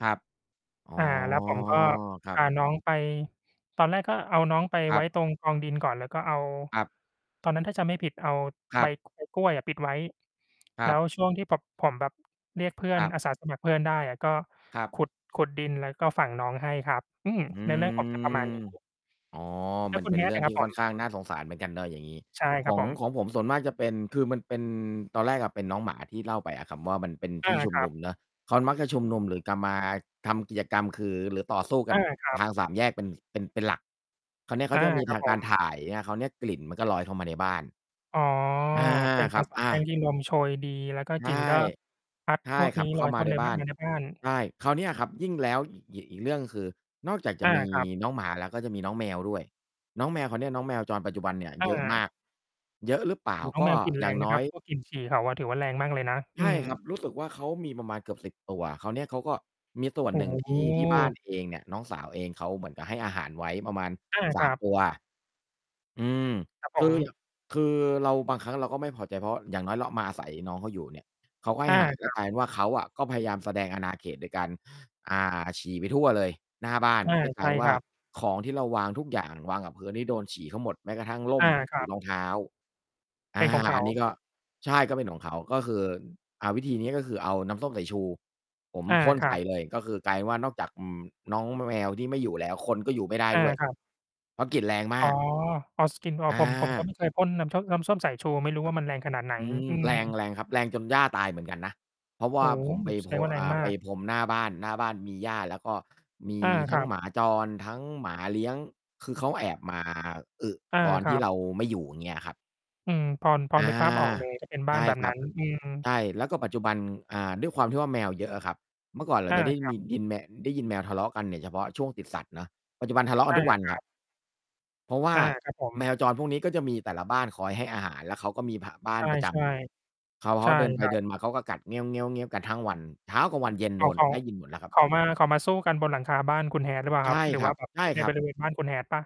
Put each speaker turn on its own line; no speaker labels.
ครับ อ๋อ
อ่า แล้วผมก็
ครั
พา
บ
น้องไป ตอนแรกก็เอาน้องไป
คร
ไ
ั
ว้
บ
ตรงกองดินก่อน แล้วก็เอา
ครับ
ตอนนั้นถ้าจำไม่ผิดเอา
คร
ใ
ั
บ
บ
กอ กล้วยอะ ปิดไว้
ค
แ
ร
ล
ั
้
บ
วช่วงที่แบบผมแบบเรียกเพื่อ
ค
น
รับ
อาสาสมัครเพื่อนได้อะ ก็
ครับ
ขุด ขุดดิน แล้วก็ฝังน้องให้ครับ อืม
อื
เนื้อเรื่องผมจะประมาณ
อ
นี้
อ๋อ
แล้
ม
ว
ัน
คุ
เ
ณ
ป็นเร
Hat
ื่อ
อ
ง
ะคร
ท
ั
ี่
บผ
ค่อ
ม?
นข้างน่าสงสารเหมือนกันเนาะ อย่างงี้
ใช่ค
ข
รับ
อง
ผม
ของผมส่วนมากจะเป็น คือมันเป็น ตอนแรกอะเป็นน้องหมาที่เล่าไปอะครับว่า มันเป็น
อ
ท
า
ี่ชุ
ค
ม
รั
น
บ
ุมเนาะ เขามักจะชุมนุม หรือกะมาทำกิจกรรม คือ หรือต่อสู้ก
อ
ัน
า ครับ
ทาง 3 แยก เป็น เป็น เป็นหลัก คราวนี้เข
อ
า
า
จะมี
คร
ท
ับ
าง
ผ
การ
ม
ถ่ายใช่ไหม? คราวเนี้ยกลิ่นมันก็ลอยเข้ามาในบ้าน
อ๋อ
อา
เป็น
ค
ภ
รั
า
บ
ษา
อ
แป้ง
า
ที่ลมโชยดี แล้วก็
ใช
ก
่
ลิ่นก็พัด
ใช่
พวก
คร
น
ั
ี
บ
้
เข
ล
้า
อย
ม
เข
า
้าม
ใน
าใน
บ้
บ้
า
าน อ
น
ยู่ในบ้าน
ใช่ คราวเนี้ยครับ ยิ่งแล้ว อีก อีกเรื่อง คือ นอกจาก
อ
จะ
า
มี
ครับ
น้องหมาแล้ว ก็จะมีน้องแมวด้วย น้องแมว คราวเนี้ยน้องแมวจรปัจจุบันเนี่ย
อ
เยอะม
า
าก เยอะหรือเปล่
โ
า
อ้โฮ น้อง
ก็
แมวกลิ่นแ
อ
ร
ย่า
ง
ง
น
น
ะ
้
คร
อ
ั
ย
บ พวกกลิ่นฉี่เขาอะ ถือว่าแรงมากเลยนะ
ใ
อ
ช
ื
่
ม
ครับ รู้สึกว่า เขามีประมาณเกือบ 10 ตัว คราวเนี้ยเขาก็ มีส่วน
โอ้
หนึ่ง ท
โ
ี่ ที่บ้าน
ฮ
เองเนี่ย น้องสาวเองเขาเหมือนกับให้อาหารไว้ ประมาณ
อา
ส
ค
า
ร
ม
ับ
ตัว อืม
ครับผ
คื
ม
อ คือเราบางครั้งเราก็ไม่พอใจ เพราะอย่างน้อยเรามาอาศัยน้องเขาอยู่เนี่ย เขาก็ให้
อา
อาหาร
ค
ก็
รับ
กลายเป็นว่าเขาอะก็พยายามแสดงอาณาเขต โดยการ อ่า ฉี่ไปทั่วเลย หน้าบ้าน
อา
ก็ก
ใ
ล
ช
าย
่
เป็นว
ค
่า
รับ
ของที่เราวางทุกอย่าง วางกับพื้นนี่โดนฉี่เขาหมด แม้กระทั่งร่
อ
ม
า ค
หร
รั
ือ
บ
รองเท้า อ
เป
่า
็นของเข
อ
า
ันนี้ก็ ใช่ ก็เป็นของเขา ก็คือ อ่า วิธีนี้ก็คือเอาน้ำส้มสายชู ผม
อา
พ่น
คร
ใ
ั
ส่
บ
เลย ก็คือกลายเป็นว่า นอกจาก อืม น้องแมวที่ไม่อยู่แล้ว คนก็อยู่ไม่ได้
อา
ด้วย
ครับ
เพราะกลิ่นแรงม
อ๋อ
าก
อ๋อ skin noir อ๋อ
อ
ผม ผมก็
า
ไม่เคยพ่นน้ำช้ม น้ำส้มสายชู ไม่รู้
คร
ว
ั
่
บ
ามันแรงขนาดไหน
อืม
อืม
แรง แรงครับ แรงจนหญ้าตายเหมือนกันนะ เพราะว
โอ
่า
้
ผม
โ
ไ
ฮ
ป
แส
โพ
ดงว่าแร
อ
ง
่า
ม
ไป
าก
พรมหน้าบ้าน หน้าบ้านมีหญ้า แล้วก็มี
อา ค
ทั
ร
้
ั
ง
บ
หมาจร ทั้งหมาเลี้ยง คือเขาแอบ มา อึ
อา
ตอน
ค
ท
ร
ี
ั
่
บ
เราไม่อยู่ เงี้ยครับ
อืม พอ พอ
อ
นึ
า
กภาพออกเลย จะเป็นบ
ใ
้
ช
าน
่
แบบ
คร
น
ั
ั้
บ
น อืม
ใช่ แล้วก็ปัจจุบัน อ่า ด้วยความที่ว่าแมวเยอะอะครับ เมื่อก่อนเรา
อา
จะได้
คร
ม
ับ
ี ยินแมะ ได้ยินแมวทะเลาะกันเนี่ย เฉพาะช่วงติดสัดเนาะ ปัจจุบันทะเลาะกั
อ
น
า
ทุกวัน
คร
ค
ั
รับ
บ
เพราะว่า
อา ครับผ
แม
ม
วจรพวกนี้ ก็จะมีแต่ละบ้านคอยให้อาหาร แล้วเขาก็มี ห บ้า
ใช
น
่
ประจำอยู่ เขา
ๆ
เ
ใ
ข
ช
า
่
เดินไป
ครั
เด
บ
ินมา เขาก็กัด กันทั้งวัน เช้า กลางวัน เย็น โ
อ
ด
้าว
น
เขา
ได้ยินหมดแล้วครั
เ
บ
ขามา เขามาสู้กันบนหลังคาบ้านคุณ Hat หรือเปล่า
ใช
ครับ?
่
หรื
ค
อ
ร
ว
ั
่า
บ
แบบ
ใช่
ใน
ครั
บ
บ
ริเวณบ้านคุณ Hat เปล่า?